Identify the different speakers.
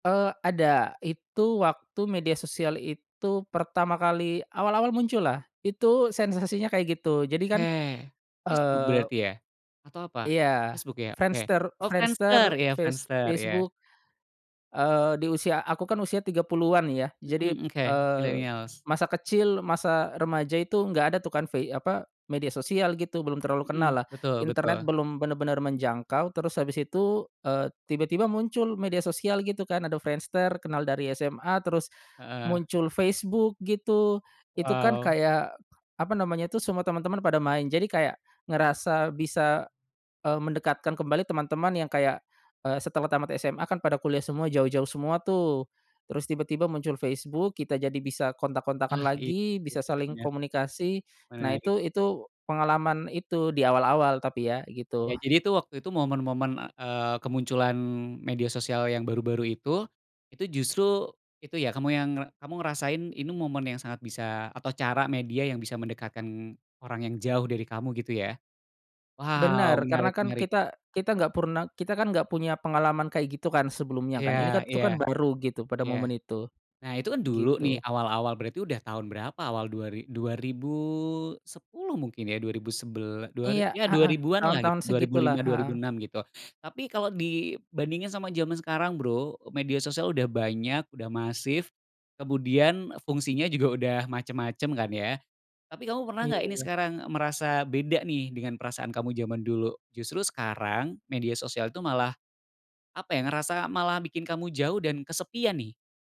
Speaker 1: Eee, ada itu waktu media sosial itu pertama kali awal-awal muncullah itu sensasinya kayak gitu jadi kan,
Speaker 2: Oke, Facebook
Speaker 1: eee
Speaker 2: berarti ya? Atau apa?
Speaker 1: Iya
Speaker 2: Facebook ya? Oke
Speaker 1: Friendster
Speaker 2: oh Friendster
Speaker 1: Friendster
Speaker 2: iya
Speaker 1: face
Speaker 2: Friendster iya.
Speaker 1: Facebook, eee, di usia aku kan usia 30-an ya jadi,
Speaker 2: Mhm, oke
Speaker 1: eee,
Speaker 2: millennials.
Speaker 1: masa kecil masa remaja itu nggak ada tuh kan vei apa media sosial gitu belum terlalu
Speaker 2: Mhm,
Speaker 1: kenallah
Speaker 2: betul
Speaker 1: internet
Speaker 2: betul.
Speaker 1: belum bener-bener menjangkau terus habis itu, eee, tiba-tiba muncul media sosial gitu kan ada Friendster kenal dari SMA terus,
Speaker 2: Heeh.
Speaker 1: muncul Facebook gitu, itu kan
Speaker 2: Wow.
Speaker 1: kayak, apa namanya tuh semua teman-teman pada main jadi kayak, ngerasa bisa, eee, mendekatkan kembali teman-teman yang kayak, eee, setelah tamat SMA kan pada kuliah semua jauh-jauh semua tuh, terus tiba-tiba muncul Facebook kita jadi bisa kontak-kontakan
Speaker 2: Ah, iya
Speaker 1: lagi
Speaker 2: sih
Speaker 1: bisa saling
Speaker 2: bener.
Speaker 1: komunikasi, nah
Speaker 2: Menarik.
Speaker 1: itu itu, pengalaman itu di awal-awal tapi ya gitu.
Speaker 2: Oke jadi tuh waktu itu momen-momen, eee, kemunculan media sosial yang baru-baru itu, itu justru itu ya kamu yang ngre kamu ngerasain ini momen yang sangat bisa atau cara media yang bisa mendekatkan, orang yang jauh dari kamu gitu ya, wow,
Speaker 1: Bener karena
Speaker 2: menarik
Speaker 1: kan
Speaker 2: menarik.
Speaker 1: kita kita gak purna kita kan punya pengalaman kaya gitu kan sebelumnya kan ini
Speaker 2: Iya
Speaker 1: kat itu
Speaker 2: iya,
Speaker 1: kan baru gitu pada
Speaker 2: iya,
Speaker 1: momen itu,
Speaker 2: nah itu kan dulu nih
Speaker 1: gitu.
Speaker 2: awal-awal berarti udah tahun berapa awal dua ri 2010 mungkin ya dua ribu sebel dua ri
Speaker 1: Iya,
Speaker 2: ya dua
Speaker 1: heeh,
Speaker 2: ribuan lah i
Speaker 1: tahun-tahun
Speaker 2: dua ribu
Speaker 1: segitulah,
Speaker 2: lima dua ribu
Speaker 1: heeh.
Speaker 2: enam gitu tapi kalau dibandingin sama zaman sekarang Bro media sosial udah banyak udah masif, kemudian fungsinya juga udah macem-macem kan ya, tapi kamu pernah
Speaker 1: Iya
Speaker 2: gak ini
Speaker 1: iya.
Speaker 2: sekarang merasa beda nih dengan perasaan kamu zaman dulu justru sekarang media sosial tuh malah, apa ya ngerasa malah bikin kamu jauh dan kesepian nih?